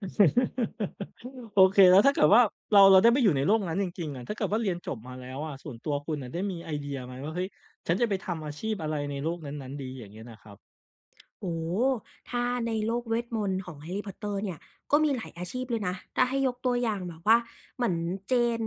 โอเค แล้วถ้าเกิดว่าเรา เราได้ไปอยู่ในโลกนั้นจริง ๆ อะ ถ้าเกิดว่าเรียนจบมาแล้วอะ ส่วนตัวคุณอะได้มีไอเดียไหมว่า เฮ้ย ฉันจะไปทำอาชีพอะไรในโลกนั้น ๆ ดี อย่างเงี้ยนะครับ? โอ้โฮ ถ้าในโลกเวทมนต์ของแฮร์รี่ พอตเตอร์เนี่ยก็มีหลายอาชีพเลยนะ ถ้าให้ยกตัวอย่าง แบบว่าเหมือนเจน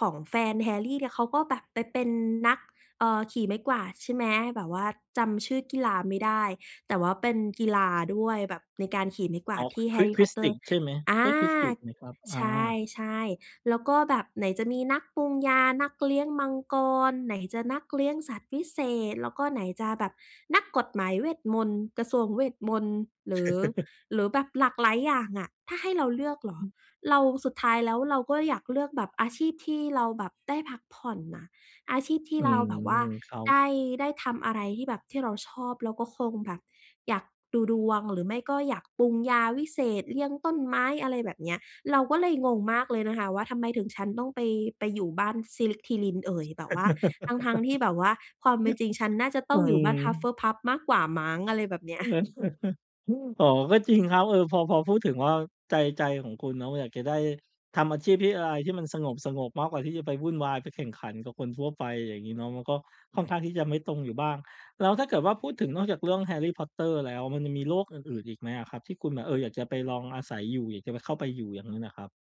ของแฟนแฮร์รี่เนี่ย เขาก็แบบไปเป็นนัก เอ่อ ขี่ไม้กวาดใช่ไหม แบบว่าจำชื่อกีฬาไม่ได้ แต่ว่าเป็นกีฬาด้วยแบบในการขี่ไม้กวอา๋ดอ ที่แฮควิรด ์รี่ ควพิอดตเตอดริ์ ชใช่ไหม อใา ช่ควิดดิชไหมครับ? อใา ช่ ๆ แล้วก็แบบไหนจะมีนักปรุงยา นักเลี้ยงมังกร ไหนจะนักเลี้ยงสัตว์วิเศษ แล้วก็ไหนจะแบบนักกฎหมายเวทมนตร์ กระทรวงเวทมนต์ หรือ หรือแบบหลากหลายอย่างอะ ถ้าให้เราเลือกเหรอ เรา สุดท้ายแล้ว เราก็อยากเลือกแบบอาชีพที่เราแบบได้พักผ่อนน่ะ อาชีพ ที่อืเราม แบบว่าครับ ได้ ได้ทำอะไรที่แบบที่เราชอบเราก็คงแบบ อยากดูดวง หรือไม่ก็อยากปรุงยาวิเศษ เลี้ยงต้นไม้ อะไรแบบเนี้ย เราก็เลยงงมากเลยนะคะว่า ทำไมถึงฉันต้องไป ไปอยู่บ้านสลิธีริน เอ่ย แบบว่า ทั้ง ๆ ที่แบบว่าความเป็นจริงฉันน่าจะตอ้ืองอยู่บ้ม านฮัฟเฟิลพัฟมากกว่ามั้ง อะไรแบบเนี้ย อ๋อ ก็จริงครับ เออ พอ พอพูดถึงว่าใจ ใจของคุณเนาะอยากจะได้ ทำอาชีพที่อะไรที่มันสงบ ๆ มากกว่าที่จะไปวุ่นวายไปแข่งขันกับคนทั่วไป อย่างงี้เนาะ มันก็ค่อนข้างที่จะไม่ตรงอยู่บ้าง แล้วถ้าเกิดว่าพูดถึงนอกจากเรื่องแฮร์รี่ พอตเตอร์แล้วมันยังมีโลกอื่น ๆ อีกไหมอะครับที่คุณแบบ เออ อยากจะไปลองอาศัยอยู่ อยากจะเข้าไปอยู่อย่างนั้นอะครับ